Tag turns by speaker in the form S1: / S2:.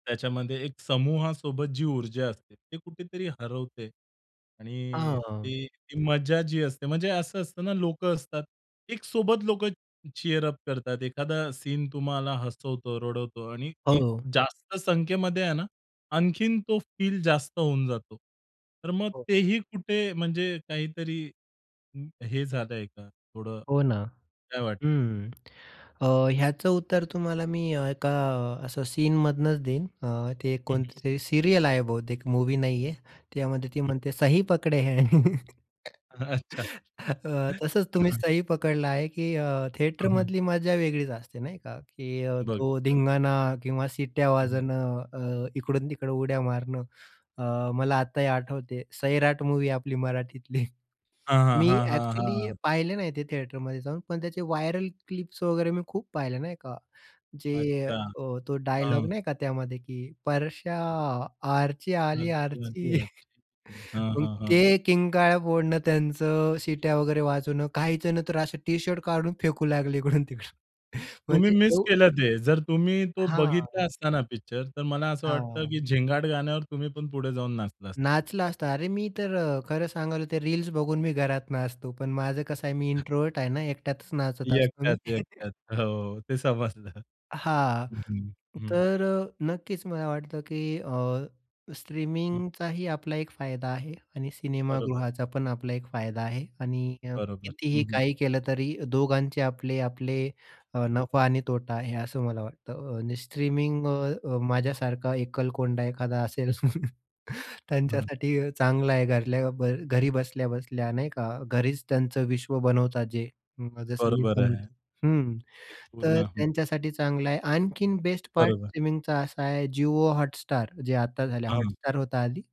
S1: त्याच्यामध्ये एक समूहासोबत जी ऊर्जा असते ते कुठेतरी हरवते
S2: अ,
S1: आणि
S2: हं.
S1: ती ती मजा जी असते म्हणजे असं असतं ना लोकं असतात. एक सोबत लोकं चीअर अप करतात एखादा सीन तुम्हाला हसवतो, रडवतो आणि एक
S2: हो.
S1: जास्त संख्येमध्ये आहे ना आणखीन तो फील जास्त होऊन जातो. तर मग
S2: हो.
S1: तेही कुठे म्हणजे काहीतरी हे झालंय का थोडं
S2: हो, ना.
S1: काय वाटतं?
S2: हं. अ, ह्याचं उत्तर तुम्हाला मी एका असं सीनमधनंच देईन अ, ते
S1: हं,
S2: कोणते
S1: हं.
S2: तरी सीरियल आहे बहुतेक मूव्ही नाहीये. त्यामध्ये ती म्हणते, "सही पकडे है."
S1: हं. अच्छा.
S2: अ, हं.
S1: हं,
S2: तसंच तुम्ही
S1: हं.
S2: सही पकडला आहे की अ,
S1: हं, हं.
S2: थिएटरमधली मज्जा वेगळीच असते नाही का? की
S1: बघ
S2: तो
S1: नक्कीच.
S2: धिंगाणा किंवा शिट्ट्या
S1: हं, हं.
S2: वाजवणं, अ, इकडून-तिकडं उड्या मारणं. अ, मला आताही आठवते सैराट मूव्ही आपली मराठीतली.
S1: हां, हां,
S2: मी
S1: हां, हां,
S2: एक्चुअली
S1: हां.
S2: पाहिले नाही ते थिएटरमध्ये जाऊन पण त्याचे व्हायरल क्लिप्स वगैरे मी खूप पाहिले नाही का. जे
S1: अच्छा.
S2: अ, तो डायलॉग
S1: हां.
S2: नाही का त्यामध्ये की, "परशा आर्ची आली, आर्ची."
S1: [unintelligible] ,हां,
S2: मग
S1: हां, हां.
S2: ते किंकाळ्या फोडणं त्यांचं, शिट्या वगैरे वाजवणं. काहीजण तर नंतर अ, टी-शर्ट काढून फेकू लागले इकडून-तिकडून
S1: तुम्ही
S2: म्हणजे।
S1: मिस
S2: [unintelligible]
S1: केलं ते जर तुम्ही तो बघितला
S2: हां.
S1: असता ना पिक्चर तर मला असं वाटतं की
S2: हां.
S1: झिंगाट गाण्यावर तुम्ही पण पुढे जाऊन नाचला असता.
S2: नाचला असता. अरे मी तर खरं सांगाल ते रील्स बघून मी घरात नाचतो. पण माझं कसं आहे मी इंट्रोव्हर्ट आहे ना एकट्यातच नाचत असतो मी.
S1: एकट्यात. एकट्यात. हो ते समजलं.
S2: हां.
S1: हं, हं, हं.
S2: तर नक्कीच मला वाटतं की अ,
S1: हं.
S2: स्ट्रीमिंगचाही आपला एक फायदा आहे आणि
S1: बरोबर.
S2: सिनेमागृहाचा पण आपला एक फायदा आहे आणि अ,
S1: बरोबर.
S2: कितीही
S1: हं, हं.
S2: काही केलं तरी दोघांचे आपले आपले अ, नफा आणि तोटा आहे असं मला वाटतं अ, आणि स्ट्रीमिंग अ, माझ्यासारखा एकलकोंडा एखादा असेल,
S1: हं, हं.
S2: त्यांच्यासाठी चांगला आहे घरल्या बर घरी बसल्या-बसल्या नाही का? घरीच त्यांचं विश्व बनवतात जे. जसं मी
S1: बरोबर आहे.
S2: बनवतो. हं
S1: एक
S2: तर
S1: पूर्ण हं.
S2: त्यांच्यासाठी चांगला आहे. आणखीन बेस्ट पार्ट
S1: बरोबर.
S2: स्ट्रीमिंगचा असा आहे जिओ हॉटस्टार जे आता झालय.
S1: हं, हं.
S2: हॉटस्टार होत आधी.